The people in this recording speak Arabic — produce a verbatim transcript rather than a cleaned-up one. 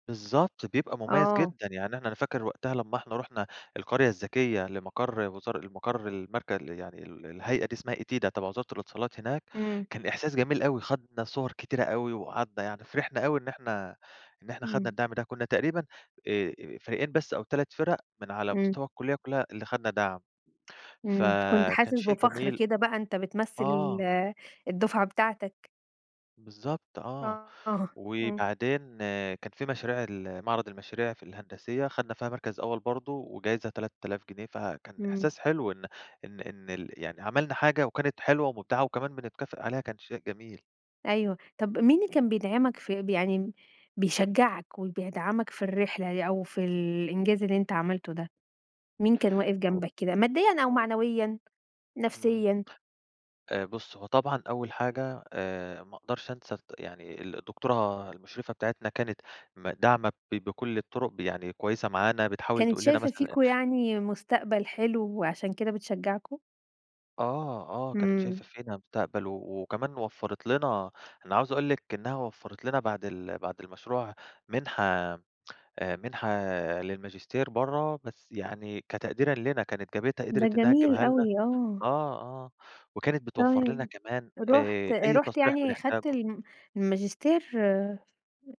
بالضبط، بيبقى مُميَّز آه. جدًا، يعني إحنا أنا فاكر وقتها لمّا إحنا رُحنا القرية الذكية لمقَر وزار لمقَر المرك يعني ال الهيئة دي اسمها ETIDA تبَع وزارة الإتصالات هناك، إمم. كان إحساس جميل أوي، خَدنا صُوَر كتيرة أوي وقعَدنا يعني، فرِحنا أوي إن إحنا، إن إحنا خَدنا إمم. الدعم ده، كنّا تقريبًا آآ، آآ فريقين بس أو تلات فِرق من على إمم. مستوى الكُلّية كلّها اللي خَدنا دَعم، إمم. كنت فكان حاسس شيء بفَخر جميل. كده بقى، أنت بتمثِّل آه. ال الدفعة بتاعتك. بالضبط، آه. آه، آه. إمم. وبعدين كان في مشاريع ال معرَض المشاريع في الهندسية خَدنا فيها مركَز أول برضه وجايزة تلات آلاف جنيه، فكان إمم. إحساس حلو إن إن إن ال يعني عملنا حاجة وكانت حلوة ومبدِعة وكمان بنتكافئ عليها، كان شيء جميل. أيوه. طَب مين اللي كان بيدعَمك في ب يعني م بيشجّعك وبيدعَمك في الرحلة يع أو في الإنجاز اللي أنت عملته ده؟ مين كان واقف هو جنبك كده ماديًا أو [unintelligible] معنويًا، إمم. نفسيًا؟ آآ بُصّي هو طبعًا أول حاجة آآ ما أقدَرش أنسى الد يعني ال الدكتورة المُشرِفة بتاعتنا كانت ما داعمة ب بكلّ الطرُق، ب يعني كويسة معانا بتحاول كانِت تقول لنا شايفة مثلًا أ فيكم يعني مستقبَل حلو عشان كده بتشجّعكم؟ آه، آه، كانت إمم. شايفة فينا مستقبَل و وكمان وفّرِت لنا أنا عاوز أقول لِك إنّها وفّرِت لنا بَعد ال بَعد المشروع مِنحة آآ مِنحة للماجستير برّه، بس يعني كتقديرًا لينا كانت جابتها ده قدِرِت إنّها جميل تجيبها لنا، أوي. آه. آه، آه وكانت بتوفّر لنا تمام، كمان رُحت آآ آآ، أي رُحت تصريح يعني خَدت بنحتاجه. الم الماجستير